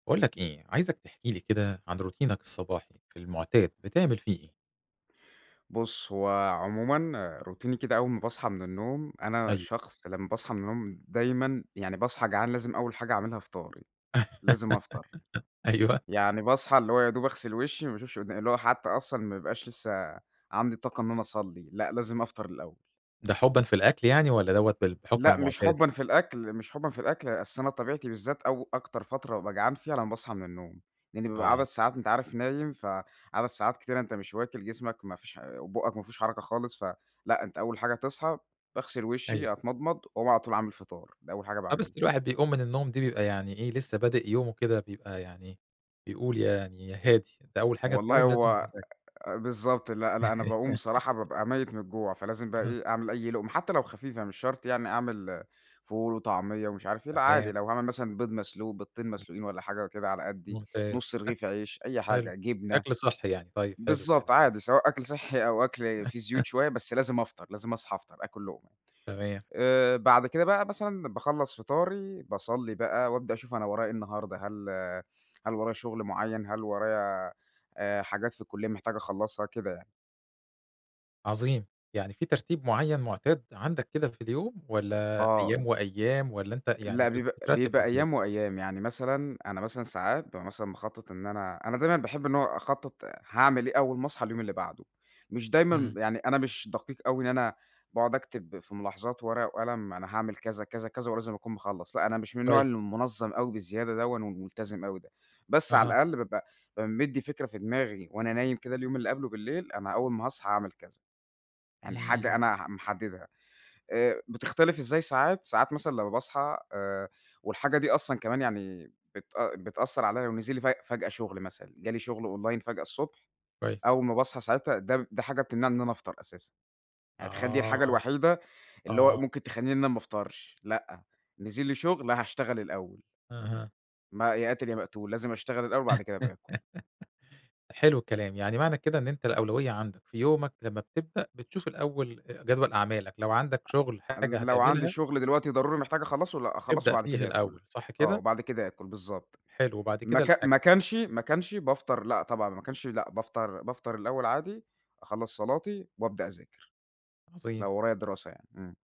باقول لك إيه، عايزك تحكي لي كده عن روتينك الصباحي، في المُعتاد بتعمل فيه إيه؟ بُص هو عمومًا روتيني كده أول ما باصحى من النوم، أنا أيوه. شخص لمّا باصحى من النوم دايمًا يعني باصحى جعان لازم أول حاجة أعملها فطاري، لازم أفطر، أيوه. يعني باصحي اللي هو يا دوب أغسِل وشي ما باشوفش قدا اللي هو حتى أصلًا ما يبقاش لسه عندي طاقة إن أنا أصلِّي، لأ، لازم أفطر الأول. ده حُبًا في الأكل يعني، والّا دَوّة بال بحُكم لأ، مش المعتاد؟ حُبًا في الأكل، مش حُبًا في الأكل، أصل أنا طبيعتي بالذات أو أكتر فترة بابقى جعان فيها لمّا باصحى من النوم، لإني بابقى آه. عدد ساعات أنت عارف نايم ف عدد ساعات كتيرة أنت مش واكِل، جسمك ما فيش حا وبوقك ما فيهوش حركة خالص، ف لأ، أنت أول حاجة تصحى، باغسل أيوه. وشِّي، أتمضمض، وأقوم علي طول عامل فِطار، ده أول حاجة آه، باعملها. بس الواحد بيقوم من النوم دي بيبقى يعني إيه، لسه بادئ يومه كده بيبقى يعني بيقول يعني يا هادي، أنت أول حاجة والله تقوم لازم هو [unintelligible] بالضبط لأ، لأ، أنا باقوم بصراحة بابقى ميِّت من الجوع، فلازم بقي أها. إيه أعمل أي لُقمة، حتى لو خفيفة مش شرط يعني أعمل فول وطعمية ومش عارف إيه، لأ، عادي تمام. لو هاعمل مثلًا بيض مسلوق بضتين امم. مسلوقين والّا حاجة وكده على قدّي، نُص ممتاز [unintelligible] رغيف عيش، أي حلو، حاجة، جبنة، أكل صحّي يعني، طيب حلو الكلام بالضبط، ده. عادي سواء أكل صحّي أو أكل في زيوت شوية، بس لازم أفطر، لازم أصحى أفطر آكُل لُقمة، تمام. آآ بعد كده بقى مثلًا باخلص فطاري، باصلي بقى وأبدأ أشوف أنا ورايا إيه النهارده هل هل ورايا شُغل مُعيّن، هل ورايا آآ حاجات في الكُلِّية محتاج أخلّصها، كده يعني. عظيم، يعني في ترتيب مُعيّن مُعتاد عندك كده في اليوم، والّا آه، أيام ب وأيام، والّا أنت يعني لأ، بت بيبقى بترتِّب بيبقى إزَّاي؟ أيام وأيام، يعني مثلًا أنا مثلًا ساعات بابقى مثلًا مخطَّط إن أنا أنا دايمًا باحب إن هو أخطَّط هاعمل إيه أول ما أصحى اليوم اللي بعدُه، مش دايمًا إمم. ب يعني أنا مش دقيق أوي إن أنا باقعُد أكتب في ملاحظات ورقة وقلم، أنا هاعمل كذا، كذا، كذا، ولازم أكون مخلّص، لأ، أنا مش من النوع كويس. المُنظّم أوي بزيادة دَوّن وملتزم أوي ده، بس على أها. الأقل بابقى بابقى مدّي فكرة في دماغي وأنا نايم كده اليوم اللي قبله بالليل، أنا أول ما هاصحي هاعمل كذا، يعني حاجة إمم. أنا ح محددها، آآ بتختلف إزاي ساعات، ساعات مثلًا لمّا باصحى آآ والحاجة دي أصلًا كمان يعني بتأ بتأثّر عليّا، ونزل لي فج فجأة شُغل مثلًا، جه لي شُغّل أونلاين فجأة الصُّبح، كويس. أول ما باصحى ساعتها ده ب ده حاجة بتمنعي إن أنا أفطر أساسًا، يعني تخيّل دي الحاجة آه، الوحيدة اللي هو آه. ممكن تخلّيني إن أنا ما أفطرش، لأ، نزِل لي شُغل هاشتغل الأول. أها. ما يا قاتل يا ما مقتول، لازم أشتغل الأول، وبعد كده أبقى آكُل. حلو الكلام، يعني معنى كده إن أنت الأولوية عندك في يومك لمّا بتبدأ، بتشوف الأول آآ جدول أعمالك، لو عندك شُغل حاجة أنا لو عندي هتعملها شُغل دلوقتي ضروري محتاج أخلّصُه لأ، أخلّصُه تبدأ وبعد فيها كده آكُل، الأول، صح آه، كده؟ وبعد كده آكُل بالضبط، حلو وبعد ما كده كا الأك ما كانش ما كانش بافطر لأ، طبعًا لو ما كانش لأ، بافطر بافطر الأول عادي، أخلّص صلاتي وأبدأ أذاكر، عظيم. لو ورايا دراسة يعني. إمم.